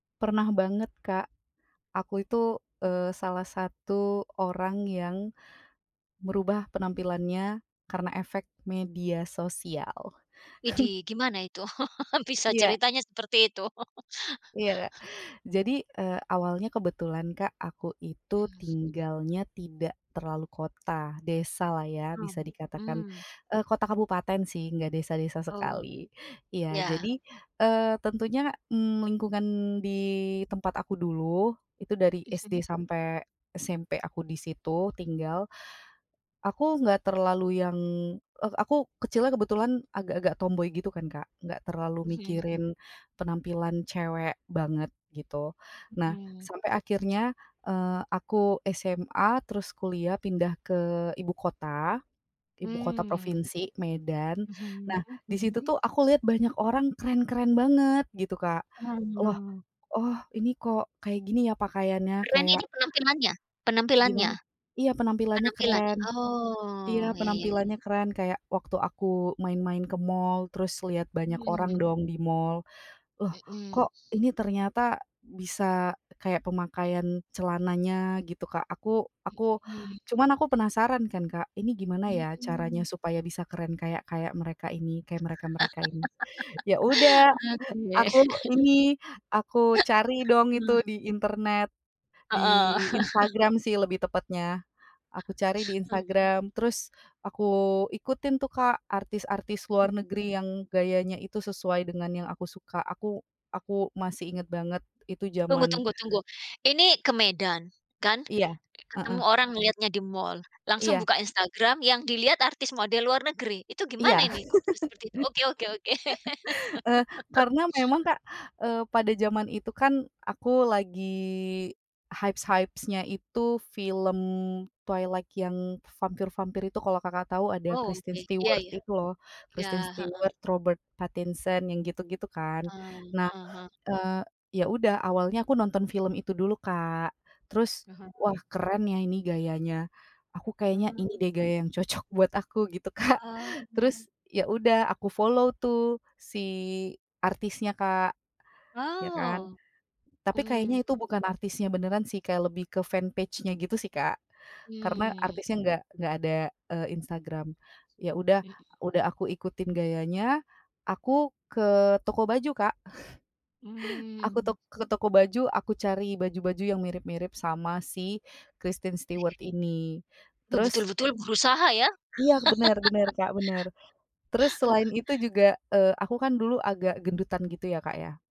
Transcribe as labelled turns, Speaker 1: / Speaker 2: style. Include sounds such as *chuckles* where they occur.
Speaker 1: Pernah banget, Kak. Aku itu, eee, salah satu orang yang merubah penampilannya karena efek media sosial. *chuckles*
Speaker 2: Widih, gimana itu *chuckles* bisa
Speaker 1: Iya.
Speaker 2: ceritanya seperti itu? *chuckles*
Speaker 1: Iya. Jadi, eee, awalnya kebetulan Kak, aku itu
Speaker 2: Mmm.
Speaker 1: tinggalnya tidak terlalu kota. Desalah ya,
Speaker 2: Hmm,
Speaker 1: bisa dikatakan.
Speaker 2: mmm.
Speaker 1: Eee, kota kabupaten sih, enggak desa-desa
Speaker 2: Oh,
Speaker 1: sekali. Iya,
Speaker 2: iya.
Speaker 1: jadi, eee, tentunya, mmm, lingkungan di tempat aku dulu, itu dari SD
Speaker 2: Mhm.
Speaker 1: sampai SMP aku di situ tinggal, aku enggak terlalu yang eee, aku kecilnya kebetulan agak-agak tomboi gitu kan Kak, enggak terlalu
Speaker 2: Mhm.
Speaker 1: mikirin penampilan cewek banget gitu. Nah,
Speaker 2: Mhm.
Speaker 1: sampai akhirnya, eee, aku SMA terus kuliah pindah ke ibu kota, ibu kota
Speaker 2: Mmm.
Speaker 1: provinsi, Medan,
Speaker 2: Mhm
Speaker 1: nah di situ
Speaker 2: mhm.
Speaker 1: tuh aku lihat banyak orang keren-keren banget gitu Kak. Loh.
Speaker 2: Hmm.
Speaker 1: Oh ini kok kayak gini ya pakaiannya,
Speaker 2: Keren
Speaker 1: kayak
Speaker 2: ini penampilannya? Penampilannya?
Speaker 1: Gimana? Iya, penampilannya
Speaker 2: Penampilan
Speaker 1: keren.
Speaker 2: oh,
Speaker 1: Iya,
Speaker 2: ya ya ya.
Speaker 1: penampilannya keren, kayak waktu aku main-main ke mall terus lihat banyak
Speaker 2: Hmm.
Speaker 1: orang dong di mall. Loh
Speaker 2: Mhm.
Speaker 1: kok ini ternyata bisa kayak pemakaian celananya gitu Kak, aku aku
Speaker 2: Mhm.
Speaker 1: cuman aku penasaran kan Kak, ini gimana ya caranya
Speaker 2: Mhm.
Speaker 1: supaya bisa keren kayak kayak mereka ini, kayak mereka-mereka ini. Ya udah,
Speaker 2: *chuckles* Oke.
Speaker 1: aku ini, aku cari
Speaker 2: *chuckles*
Speaker 1: dong itu
Speaker 2: Mhm.
Speaker 1: di internet, di
Speaker 2: Heeh. *chuckles*
Speaker 1: Instagram sih lebih tepatnya. Aku cari di
Speaker 2: Hmm.
Speaker 1: Instagram terus aku ikutin tuh Kak, artis-artis
Speaker 2: Hmm.
Speaker 1: luar negeri yang gayanya itu sesuai dengan yang aku suka, aku aku masih inget banget itu
Speaker 2: Tunggu
Speaker 1: zaman
Speaker 2: tunggu tunggu, ini ke Medan kan?
Speaker 1: Iya heeh.
Speaker 2: Ketemu orang ngeliatnya di mall, langsung
Speaker 1: Iya.
Speaker 2: buka Instagram yang dilihat artis model luar negeri, itu
Speaker 1: Iya.
Speaker 2: gimana ini, kok bisa seperti itu? Oke oke oke.
Speaker 1: *chuckles* Eee,
Speaker 2: *laughs*
Speaker 1: karena memang Kak, eee, pada zaman itu kan aku lagi hypes-hypes-nya itu film Twilight yang vampir-vampir itu kalau Kakak tahu ada
Speaker 2: Oh, oke.
Speaker 1: Kristen
Speaker 2: Iya
Speaker 1: Stewart
Speaker 2: iya.
Speaker 1: itu loh.
Speaker 2: Iya,
Speaker 1: Kristen
Speaker 2: heeh.
Speaker 1: Stewart, Robert Pattinson, yang gitu-gitu kan.
Speaker 2: Ah,
Speaker 1: Nah,
Speaker 2: heeh heeh.
Speaker 1: eee, ya udah awalnya aku nonton film itu dulu Kak, terus wah
Speaker 2: Mhm.
Speaker 1: keren ya ini gayanya, aku kayaknya
Speaker 2: Hmm.
Speaker 1: ini deh gaya yang cocok buat aku gitu Kak,
Speaker 2: Wah.
Speaker 1: terus ya udah aku follow tuh si artisnya Kak, ya kan.
Speaker 2: Oh.
Speaker 1: Tapi
Speaker 2: Mmm.
Speaker 1: kayaknya itu bukan artisnya beneran sih, kayak lebih ke fan page-nya gitu sih Kak, karena
Speaker 2: Hmm.
Speaker 1: artisnya enggak enggak ada, eee, Instagram. Ya udah
Speaker 2: Mhm.
Speaker 1: udah aku ikutin gayanya, aku ke toko baju Kak. *chuckles* Aku
Speaker 2: Hmm.
Speaker 1: tok ke toko baju, aku cari baju-baju yang mirip-mirip sama si Kristen Stewart ini,
Speaker 2: Oh,
Speaker 1: terus
Speaker 2: betul-betul berusaha, ya.
Speaker 1: Iya, bener bener Kak, bener. Terus selain
Speaker 2: *laughs*
Speaker 1: itu juga, eee, aku kan dulu agak gendutan gitu ya Kak ya.